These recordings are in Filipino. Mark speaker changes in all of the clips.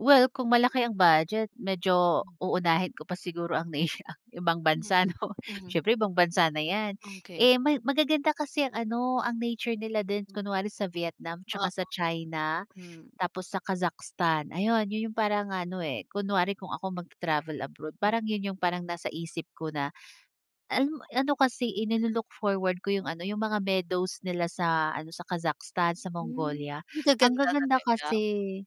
Speaker 1: Well, kung malaki ang budget, medyo
Speaker 2: Hmm.
Speaker 1: uunahin ko pa siguro ang ibang
Speaker 2: Mhm,
Speaker 1: bansa 'no,
Speaker 2: hmm.
Speaker 1: siyempre ibang bansa na 'yan.
Speaker 2: Okey.
Speaker 1: Eh may magaganda kasi ang ano ang nature nila din kunwari sa Vietnam, 'tsaka sa
Speaker 2: Oo,
Speaker 1: China,
Speaker 2: hmm.
Speaker 1: tapos sa Kazakhstan. Ayun, 'yun 'yung parang ano eh, kunwari kung ako magta-travel abroad, parang 'yun 'yung parang nasa isip ko na, ah, ano ano kasi eh ni-lo-look forward ko 'yung ano 'yung mga meadows nila sa ano, sa Kazakhstan, sa
Speaker 2: Hmm,
Speaker 1: Mongolia, ang
Speaker 2: gaganda
Speaker 1: gaganda
Speaker 2: talaga.
Speaker 1: kasi,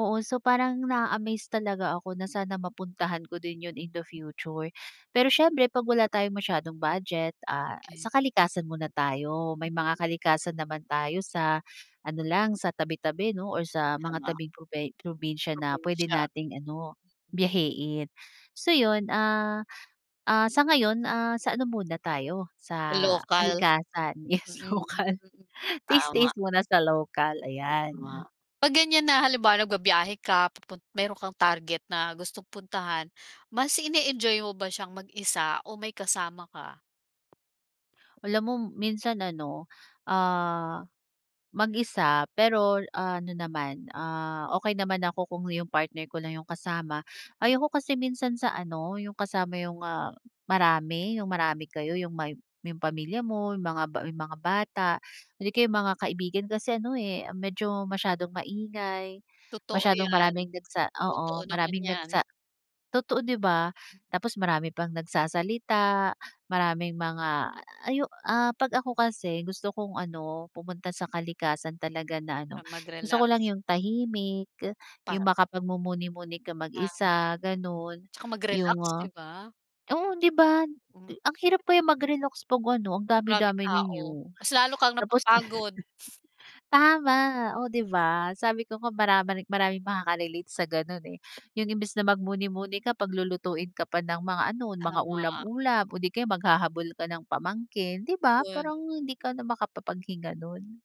Speaker 1: oo. So parang na-a-amaze talaga ako na sana mapuntahan ko din 'yun in the future. Pero siyempre 'pag wala tayong masyadong budget, ah, sa
Speaker 2: Okey.
Speaker 1: kalikasan muna tayo. May mga kalikasan naman tayo sa ano lang sa tabi-tabi 'no or sa mga
Speaker 2: Tama.
Speaker 1: tabing probe probinsya na puwede
Speaker 2: Probinsiya.
Speaker 1: nating ano, biyahiin. So 'yun, ah, ah sa ngayon, ah, sa ano muna tayo sa
Speaker 2: Lokal.
Speaker 1: kalikasan. Yes!
Speaker 2: Mm,
Speaker 1: Local,
Speaker 2: mm.
Speaker 1: tiis
Speaker 2: Tama.
Speaker 1: tiis muna sa local, ayan.
Speaker 2: Tama. 'Pag ganyan na halimbawa nagbabiyahe ka, pupun meron kang target na gustong puntahan. Mas ini-enjoy mo ba siyang mag-isa o may kasama ka?
Speaker 1: Alam mo minsan ano, ah, mag-isa pero ano naman, ah, okey naman ako kung 'yung partner ko lang 'yung kasama. Ayoko kasi minsan sa ano, 'yung kasama 'yung, ah, marami, 'yung marami kayo, 'yung may may 'yung pamilya mo, 'yung mga 'yung mga bata, hindi kaya 'yung mga kaibigan. Kasi ano eh medyo masyadong maingay,
Speaker 2: Totoo
Speaker 1: masyadong
Speaker 2: 'yan.
Speaker 1: maraming nagsa
Speaker 2: Totoo
Speaker 1: oo,
Speaker 2: naman
Speaker 1: maraming
Speaker 2: 'yan.
Speaker 1: nagsa totoo 'di ba. Tapos marami pang nagsasalita, maraming mga ay 'yung, ah, 'pag ako kasi gusto kong ano pumunta sa kalikasan talaga na ano,
Speaker 2: Ang
Speaker 1: gusto
Speaker 2: magrelaks.
Speaker 1: ko lang 'yung tahimik,
Speaker 2: Pa
Speaker 1: 'yung makapagmumuni-muni kang mag
Speaker 2: Ang
Speaker 1: isa, ganun,
Speaker 2: 'Tsaka
Speaker 1: 'yung,
Speaker 2: magrelaks, 'di
Speaker 1: ah,
Speaker 2: ba.
Speaker 1: oo 'di ba
Speaker 2: Hmm.
Speaker 1: ang hirap kaya mag-relaks 'pag ano, ang dami
Speaker 2: Maraming
Speaker 1: dami
Speaker 2: tao,
Speaker 1: ninyo,
Speaker 2: mas lalo kang
Speaker 1: tapos.
Speaker 2: napapagod.
Speaker 1: Tama, oh 'di ba, sabi ko nga marama maraming makaka-relate sa ganun eh. 'Yung imbes na magmuni-muni ka paglulutuin ka pa ng mga ano mga
Speaker 2: Tama.
Speaker 1: ulam-ulam o di kaya maghahabol ka ng pamangkin, 'di ba,
Speaker 2: Yun.
Speaker 1: parang hindi ka na maka-papaghinga nun.